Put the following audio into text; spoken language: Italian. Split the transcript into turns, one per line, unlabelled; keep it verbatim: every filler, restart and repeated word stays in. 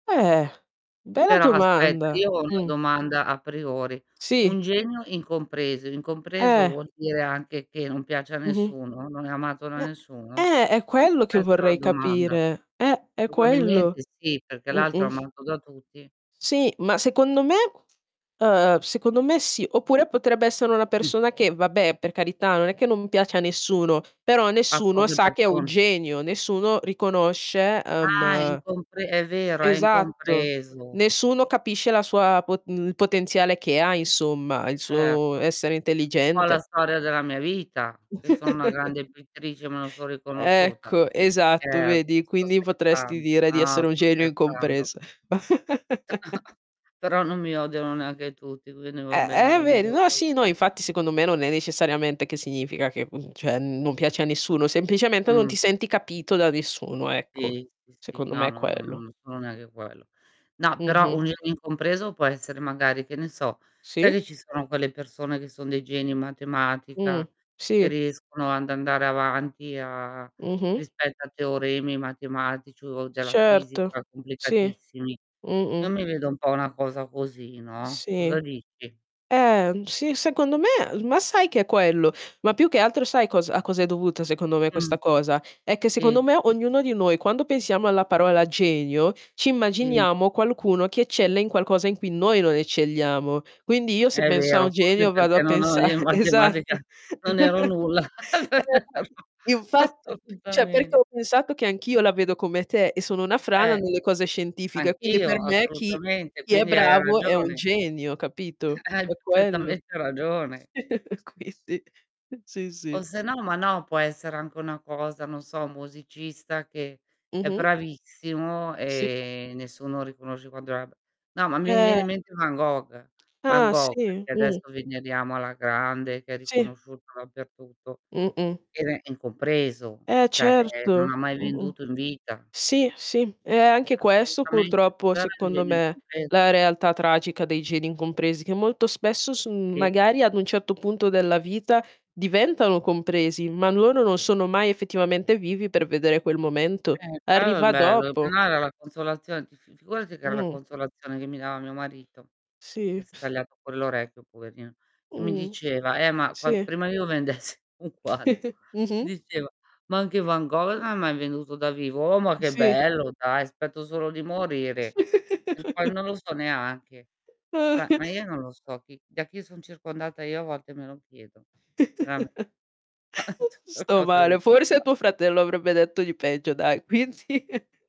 Eh, bella
Però aspetta
domanda,
io ho una
mh.
domanda a priori, un
Sì.
genio incompreso. Incompreso,
Eh.
vuol dire anche che non piace a
Mh-mh.
nessuno, non è amato da
Eh
nessuno?
eh, è quello che
Questa è la
vorrei
domanda.
capire. Eh, è
Probabilmente
quello.
sì, perché l'altro
Mh-mh.
amato da tutti.
Sì, ma secondo me uhm, secondo me sì. Oppure potrebbe essere una
Mh.
persona che, vabbè, per carità non è che non piace a nessuno, però
A
nessuno
poche
sa che è un
persone.
genio, nessuno riconosce
Ah, è
uhm
incompre è vero, è
esatto.
incompreso.
Nessuno capisce la sua pot mhmm, il potenziale che ha insomma, il suo
Certo,
essere
un po' la
intelligente.
storia della mia vita. Io sono una grande pittrice, ma non son riconosciuta.
Ecco, esatto,
Scherzo,
vedi,
sto
quindi potresti
scherzando.
dire di
No,
essere un
sto
genio
scherzando.
incompres
Però non mi odiano neanche tutti, quindi va
Eh
bene
eh,
[unintelligible]
vedi. No, sì, no, infatti secondo me non è necessariamente che significa che, mhmm, ceh non piace a nessuno, semplicemente, non
Mh.
ti senti capito da nessuno, ecco.
tì, sì, sì,
Secondo me
no,
è
no, no,
quello.
non sono neanche quello. No, però
Mh-mh.
un in incompreso può essere magari che ne so, sai
Sì.
che ci sono quelle persone che son dei geni in
Mh,
matematica, e
sì.
riescono and andare avanti a
Mh-mh.
rispetto a teoremi matematici o della
Certo,
fisica
sì,
complicatissimi? Io
mh-mh.
mi vedo un po' una cosa così, no,
Sì.
cosa dici?
Eh, mhmm, sì, secondo me, l ma sai che è quello? Ma più che altro sai cosa a cosa è dovuta secondo me questa
Mh.
cosa? È che secondo
Sì.
me, ognuno di noi, quando pensiamo alla parola genio, ci
Sì.
immaginiamo qualcuno che eccelle in qualcosa in cui noi non eccelliamo. Quindi, io se
È
penso a un
vero, forse
genio vado a
perché no, no,
pensa
io in
esatto.
matematica non ero nulla [unintelligible]
[unintelligible] infatti ceh perché
assolutamen
ho pensato, che anch'io la vedo come te e sono una frana
Eh.
nelle cose scientifiche, quindi per
Anch'io,
me chi
assolutamente,
chi è
quindi hai
bravo è un
ragione.
genio, capito?
Hai
È quello.
perfettamente ragione.
Quindi, sì,
O
sì.
se no, ma no, può essere anche una cosa, non so, musicista che è
Mh-mh.
bravissimo
Sì.
e nessuno riconosce quanto era b no, ma mi
Eh.
riviene in mente Van Gogh. Van
Ah
Gogh,
sì,
che
mh.
adesso veneriamo alla grande, che è
Sì.
riconosciuto dappertutto,
Mh-mh.
era incompreso,
Eh,
ceh, ehm, non
certo,
ha mai
mh-mh.
venduto in vita.
Sì, sì, è anche
Eh
questo
assolutamente,
purtroppo
però era un
secondo
genio
me,
incompreso.
la realtà tragica dei geni incompresi, che molto spesso son
Sì.
magari ad un certo punto della vita diventano compresi, ma loro non sono mai effettivamente vivi, per vedere quel momento.
Eh quello è il
Arriva
bello,
dopo.
[unintelligible] la consolazion ti f figurati che era la
Mh.
consolazione che mi dava mio marito, che
Sì.
s tagliato quell'orecchio poverino, e mi
Mh.
diceva: "Eh ma quand"
Sì.
prima io vendessi un quadro, mi
Mh-mh.
diceva: "Ma anche Van gol ha mai venduto da vivo." Oh ma che
Sì.
bello dai, spetto solo di morire. E poi non lo so neanche, ceh ma io non lo so chi da chi son circondata io a volte me lo chiedo, rame
Sto male, forse
[unintelligible]
tuo fratello avrebbe detto i peggio, dai. Quindi